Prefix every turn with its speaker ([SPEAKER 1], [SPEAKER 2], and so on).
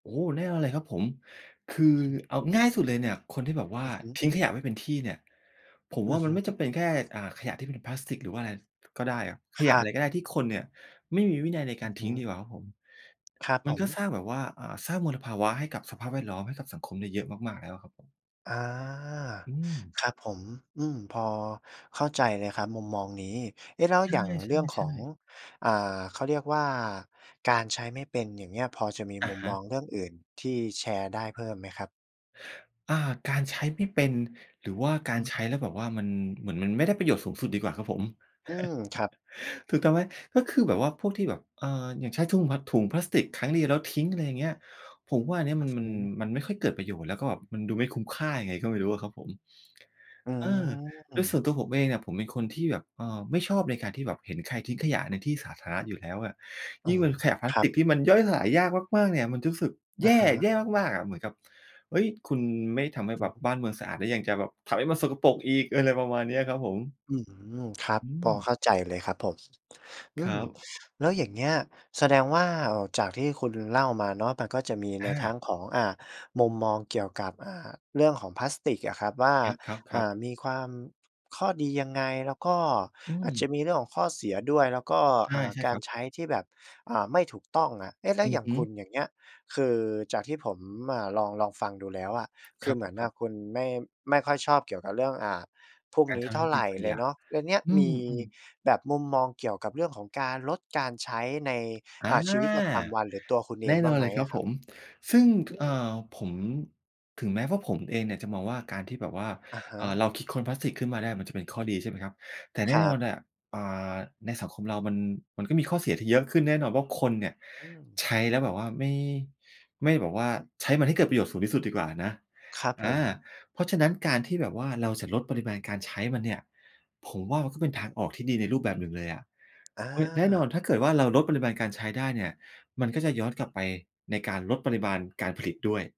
[SPEAKER 1] โอ้ แน่นอนเลยครับผม คือ เอาง่ายที่สุดเลยเนี่ย คนที่แบบว่
[SPEAKER 2] อ
[SPEAKER 1] า
[SPEAKER 2] ือฮึ
[SPEAKER 1] ทิ้งขยะไม่เป็นที่เนี่ย ผม
[SPEAKER 2] อื
[SPEAKER 1] ว่า
[SPEAKER 2] อ
[SPEAKER 1] ม
[SPEAKER 2] ฮ
[SPEAKER 1] ันไม่จ
[SPEAKER 2] ึ
[SPEAKER 1] ำเป็นแค่ อ่า ขยะที่เป็นพลาสติก หรือว่าอะไร ก็ได้อะ ข
[SPEAKER 2] ค
[SPEAKER 1] ย
[SPEAKER 2] ร
[SPEAKER 1] ะ
[SPEAKER 2] ั
[SPEAKER 1] อะไร
[SPEAKER 2] บ
[SPEAKER 1] ก็ได้ที่คนเนี่ยไม่มีวินัยในก
[SPEAKER 2] อ
[SPEAKER 1] า
[SPEAKER 2] ื
[SPEAKER 1] ร
[SPEAKER 2] อฮ
[SPEAKER 1] ทิ้งด
[SPEAKER 2] ึ
[SPEAKER 1] ีกว่าครับผม
[SPEAKER 2] ครับ
[SPEAKER 1] ม
[SPEAKER 2] ผ
[SPEAKER 1] ัน
[SPEAKER 2] ม
[SPEAKER 1] ก็สร้างแบบว่า อ่า สร้างมลภาวะให้กับสภาพแวดล้อม ให้กับสังคมเนี่ยเยอะมาก ๆ แล้วอะครับผม
[SPEAKER 2] อา
[SPEAKER 1] อืม
[SPEAKER 2] ครับผม อืม พอเข้าใจเลยครับมุมมองนี้ เอ๊ะ แล้ว
[SPEAKER 1] ใช
[SPEAKER 2] อ
[SPEAKER 1] ่
[SPEAKER 2] ย่างเรื่องข
[SPEAKER 1] ใช่
[SPEAKER 2] อง
[SPEAKER 1] ๆ
[SPEAKER 2] อ่า เขาเรียกว่า การใช้ไม่เป็น อย่างเงี้ย พอจะมี
[SPEAKER 1] อ
[SPEAKER 2] ม
[SPEAKER 1] ะ
[SPEAKER 2] ุม
[SPEAKER 1] ฮ
[SPEAKER 2] ม
[SPEAKER 1] ะ
[SPEAKER 2] องเรื่องอื่นที่แชร์ได้เพิ่มไหมครับ?
[SPEAKER 1] อา การใช้ไม่เป็น หรือว่ากา
[SPEAKER 2] อ
[SPEAKER 1] รใช้
[SPEAKER 2] ืม
[SPEAKER 1] แล้วแบบว่ามัน เหมือนมันไม่ได้ประโยชน์สูงสุดดีกว่าครับผม
[SPEAKER 2] อืม ครับ
[SPEAKER 1] ถูกต้องไหม ก็คือแบบว่าพวกที่แบบ เอ่อ อย่างใช้ทุ่ง พ ถุงพลาสติกครั้งเดียวแล้วทิ้ง อะไรอย่างเงี้ย ผมว่าอันนี้
[SPEAKER 2] อื
[SPEAKER 1] ม
[SPEAKER 2] ้
[SPEAKER 1] ั
[SPEAKER 2] อ
[SPEAKER 1] น มั
[SPEAKER 2] ฮ
[SPEAKER 1] น
[SPEAKER 2] ือ
[SPEAKER 1] มันไม่ค่อยเกิดประโยชน์ แล้วก็แบบมันดูไม่คุ้มค่ายังไงก็ไม่รู้อะครับผม
[SPEAKER 2] อื
[SPEAKER 1] เออ แล้วส่ว
[SPEAKER 2] ม
[SPEAKER 1] นตัวผมเองเนี่ย ผมเป็นคนที่แบบ เอ่อ ไม่ชอบในการที่แบบเห็นใครทิ้งขยะในที่สาธารณะอยู่แล้วอะ
[SPEAKER 2] อ
[SPEAKER 1] ย
[SPEAKER 2] ๋
[SPEAKER 1] ิ
[SPEAKER 2] อ
[SPEAKER 1] ่งเป็นขยะพลา
[SPEAKER 2] ค
[SPEAKER 1] ส
[SPEAKER 2] รั
[SPEAKER 1] ต
[SPEAKER 2] บ
[SPEAKER 1] ิกที่มันย่อยสลายยากมาก ๆ เนี่ยมันจะรู้สึก
[SPEAKER 2] อ
[SPEAKER 1] แย
[SPEAKER 2] ะ
[SPEAKER 1] ่
[SPEAKER 2] ฮะ
[SPEAKER 1] แย่มาก ๆ อะ เหมือนกับ เฮ้ย คุณไม่ทำให้
[SPEAKER 2] อ
[SPEAKER 1] แ
[SPEAKER 2] ื
[SPEAKER 1] บ
[SPEAKER 2] อ
[SPEAKER 1] บ
[SPEAKER 2] ฮึ
[SPEAKER 1] บ้านเมืองสะอาด แล้วยังจะแบบทำให้มันสกปรกอีก อะไรประมาณนี้ครับผม
[SPEAKER 2] อืม ครับ
[SPEAKER 1] อื
[SPEAKER 2] พอ
[SPEAKER 1] ม
[SPEAKER 2] เข้าใจเลยครับผม อ
[SPEAKER 1] ค
[SPEAKER 2] ื
[SPEAKER 1] ร
[SPEAKER 2] ม
[SPEAKER 1] ับ
[SPEAKER 2] แล้วอย่างเงี้ยแสดงว่า เอ่อ จากที่คุณเล่ามาเนาะ มันก็จะมีใ
[SPEAKER 1] อ
[SPEAKER 2] นทั้
[SPEAKER 1] า
[SPEAKER 2] งของ อ่า มุมมองเกี่ยวกับ อ่า เรื่องของพลาสติกอะครับ ว่า
[SPEAKER 1] ครั
[SPEAKER 2] อ่
[SPEAKER 1] บ ๆ ๆ
[SPEAKER 2] า มีความ ข้อดียังไง แล้วก็
[SPEAKER 1] อื
[SPEAKER 2] อาจจ
[SPEAKER 1] ม
[SPEAKER 2] ะมีเรื่องของข้อเสียด้วย แล้วก็
[SPEAKER 1] ใช
[SPEAKER 2] อ
[SPEAKER 1] ่
[SPEAKER 2] ่า
[SPEAKER 1] ใช่
[SPEAKER 2] ก
[SPEAKER 1] ค
[SPEAKER 2] า
[SPEAKER 1] ร
[SPEAKER 2] ร
[SPEAKER 1] ับ
[SPEAKER 2] ใช้ที่แบบ อ่า ไม่ถูกต้องอะ เอ๊ะ แล้
[SPEAKER 1] อ
[SPEAKER 2] ว
[SPEAKER 1] ื
[SPEAKER 2] อย
[SPEAKER 1] อ
[SPEAKER 2] ่า
[SPEAKER 1] ฮ
[SPEAKER 2] ง
[SPEAKER 1] ึ
[SPEAKER 2] คุณอย่างเงี้ย คือจากที่ผม อ่า ลอง ลองฟังดูแล้วอะ ค
[SPEAKER 1] ค
[SPEAKER 2] ื
[SPEAKER 1] ร
[SPEAKER 2] อ
[SPEAKER 1] ับ
[SPEAKER 2] เหม
[SPEAKER 1] ผ
[SPEAKER 2] ือ
[SPEAKER 1] ม
[SPEAKER 2] น
[SPEAKER 1] ค
[SPEAKER 2] อ
[SPEAKER 1] รั
[SPEAKER 2] ะ
[SPEAKER 1] บ
[SPEAKER 2] คุณไม่ ไม่ค่อยชอบเกี่ยวกับเรื่อง อ่า พวก
[SPEAKER 1] การ
[SPEAKER 2] นี้
[SPEAKER 1] ทำ
[SPEAKER 2] เ
[SPEAKER 1] ใ
[SPEAKER 2] ท
[SPEAKER 1] ห
[SPEAKER 2] ่
[SPEAKER 1] ้
[SPEAKER 2] า
[SPEAKER 1] มันเ
[SPEAKER 2] ไ
[SPEAKER 1] ป
[SPEAKER 2] ร
[SPEAKER 1] ็นข
[SPEAKER 2] เล
[SPEAKER 1] ย
[SPEAKER 2] ย
[SPEAKER 1] ะ
[SPEAKER 2] เนาะ แล้วเนี่ย
[SPEAKER 1] อื
[SPEAKER 2] มี
[SPEAKER 1] ม อืม
[SPEAKER 2] แบบมุมมองเกี่ยวกับเรื่องของการลดการใช้ใน
[SPEAKER 1] อ
[SPEAKER 2] อ
[SPEAKER 1] า
[SPEAKER 2] ่า ชีวิตประจำวัน หรือตัวคุณเอ
[SPEAKER 1] แน
[SPEAKER 2] ง
[SPEAKER 1] ่
[SPEAKER 2] บ
[SPEAKER 1] น
[SPEAKER 2] ้า
[SPEAKER 1] อ
[SPEAKER 2] ง
[SPEAKER 1] น
[SPEAKER 2] ไห
[SPEAKER 1] เ
[SPEAKER 2] ม
[SPEAKER 1] ลยคร
[SPEAKER 2] อ
[SPEAKER 1] ับ
[SPEAKER 2] ะคร
[SPEAKER 1] ผ
[SPEAKER 2] ับ?
[SPEAKER 1] ม ซึ่ง
[SPEAKER 2] อ
[SPEAKER 1] ท
[SPEAKER 2] ื
[SPEAKER 1] อ่
[SPEAKER 2] ม
[SPEAKER 1] า ผม ถึงแม้ว่าผมเองเนี่ยจะมองว่าการที่แบบว่า
[SPEAKER 2] อะฮ
[SPEAKER 1] อ่า เรา
[SPEAKER 2] ะ
[SPEAKER 1] คิดค้นพลาสติกขึ้นมาได้ มันจะเป็นข้อดีใช่ไหมครับ แต่แน
[SPEAKER 2] ค
[SPEAKER 1] ่
[SPEAKER 2] ร
[SPEAKER 1] น
[SPEAKER 2] ั
[SPEAKER 1] อ
[SPEAKER 2] บ
[SPEAKER 1] นน่ะ อ่า ในสังคมเรามัน มันก็มีข้อเสียที่เยอะขึ้น แน่นอนว่าคนเนี่ย
[SPEAKER 2] อืม
[SPEAKER 1] ใช้แล้วแบบว่าไม่ ไม่แบบว่าใช้มันให้เกิดประโยชน์สูงที่สุดดีกว่านะ
[SPEAKER 2] ครับ
[SPEAKER 1] อ
[SPEAKER 2] ผ
[SPEAKER 1] า
[SPEAKER 2] ม
[SPEAKER 1] เพราะฉะนั้นการที่แบบว่าเราจะลดปริมาณการใช้มันเนี่ย ผมว่ามันก็เป็นทางออกที่ดีในรูปแบบหนึ่งเลยอะ
[SPEAKER 2] อา
[SPEAKER 1] ค แน่นอนถ้าเกิดว่าเราลดปริมาณการใช้ได้เนี่ย มันก็จะย้อนกลับไปในการลดปริมาณการผลิตด้วย